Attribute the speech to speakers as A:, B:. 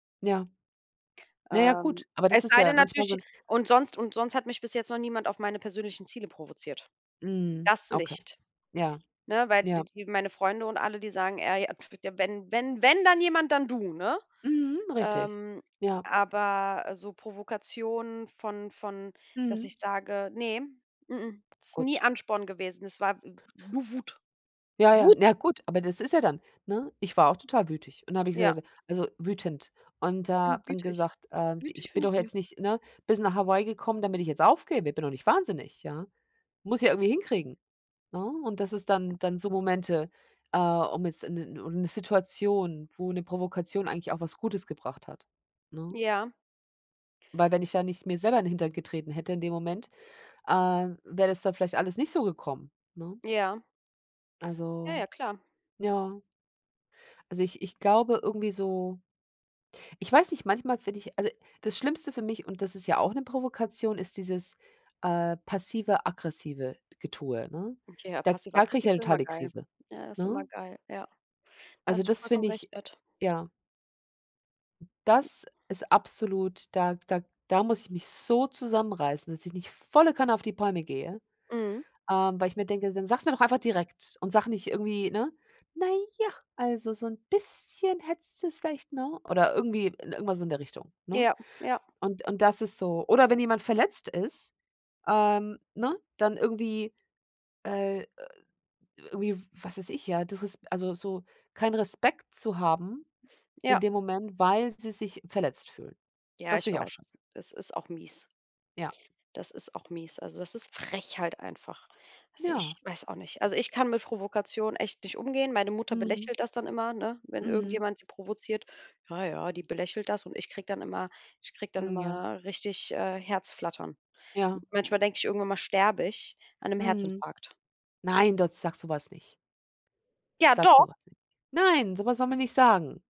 A: Ja. Na ja,
B: Ähm,
A: gut, aber das
B: es
A: ist
B: sei
A: ja
B: denn
A: manchmal so
B: natürlich
A: 'n
B: und sonst und sonst hat mich bis jetzt noch niemand auf meine persönlichen Ziele provoziert.
A: Mhm,
B: Das
A: okay.
B: nicht,
A: Ja.
B: ne, weil d
A: Ja.
B: die meine Freunde und alle, die sagen, äh, ja,: „Wenn wenn wenn dann jemand, dann du“, ne?
A: Mhm, richtig,
B: Ähm,
A: ja.
B: aber, äh, so Provokation von von, dass
A: Mhm.
B: ich sage ne, mh mh, ist nie
A: Gut.
B: Ansporn gewesen. Es war [unintelligible] nur Wut.
A: Ja, ja,
B: Wut.
A: na gut, aber das ist ja dann ne? Ich war auch total wütig. Und da habe ich
B: Ja.
A: gesagt, so, also wütend. Und
B: Ich
A: da
B: bin
A: habe dann
B: wütig.
A: gesagt, äh,
B: Wütig
A: ich bin
B: finde ich
A: doch
B: süß.
A: jetzt nicht, ne, bist nach Hawaii gekommen, damit ich jetzt aufgebe. Bin doch nicht wahnsinnig, ja? Muss ja irgendwie hinkriegen, ne? Und das ist dann dann so Momente, äh, um jetzt 'n 'ne o 'ne Situation, wo 'ne Provokation eigentlich auch was Gutes gebracht hat, ne?
B: Ja.
A: Weil wenn ich da nicht mir selber in Hintern getreten hätte in dem Moment, äh, wäre das dann vielleicht alles nicht so gekommen, ne?
B: Ja. Ja, ja,
A: Also,
B: klar.
A: ja. Also, ich ich glaube irgendwie so ich weiß nicht, manchmal finde ich also, das Schlimmste für mich, und das ist ja auch 'ne Provokation, ist dieses, äh, passive, aggressive Getue, ne?
B: Okay, ja,
A: Da da kriege ich
B: passiv-aggressiv
A: ja
B: sind
A: total
B: immer
A: die
B: geil.
A: Krise,
B: Ja, ist immer
A: ne?
B: geil, ja. Da
A: Also,
B: hast du
A: das
B: vollkommen
A: find
B: recht
A: ich, äh
B: mit.
A: ja. Das ist absolut da da da muss ich mich so zusammenreißen, dass ich nicht volle Kanne auf die Palme gehe,
B: Mhm.
A: ähm, weil ich mir denke: „Dann sag's mir doch einfach direkt und sage nicht irgendwie”, ne, „na ja, also, so 'n bisschen hättest du es vielleicht”, ne? Oder irgendwie irgendwas so in der Richtung, ne?
B: Ja, ja.
A: Und und das ist so oder wenn jemand verletzt ist, ähm, ne, dann irgendwie, äh, äh irgendwie, w was weiß ich, ja, disres also, so keinen Respekt zu haben in
B: Ja.
A: dem Moment, weil sie sich verletzt fühlen.
B: Ja,
A: Das
B: ich
A: finde ich auch
B: weiß.
A: scheiße.
B: Es ist auch mies.
A: Ja.
B: Das ist auch mies. Also, das ist frech halt einfach. Also,
A: Ja.
B: ich weiß auch nicht. Also, ich kann mit Provokation echt nicht umgehen. Meine Mutter
A: Mhm.
B: belächelt das dann immer, ne, wenn
A: Mhm.
B: irgendjemand sie provoziert. Ja, ja, die belächelt das und ich kriege dann immer ich kriege dann
A: Mhm, ja.
B: immer richtig, äh, Herzflattern.
A: Ja.
B: Manchmal denke ich, irgendwann mal sterbe ich an 'nem
A: Mhm.
B: Herzinfarkt.
A: Nein, [unintelligible] sag sowas nicht.
B: Ja,
A: Sag so
B: doch.
A: was nicht. Nein, so was soll man nicht sagen.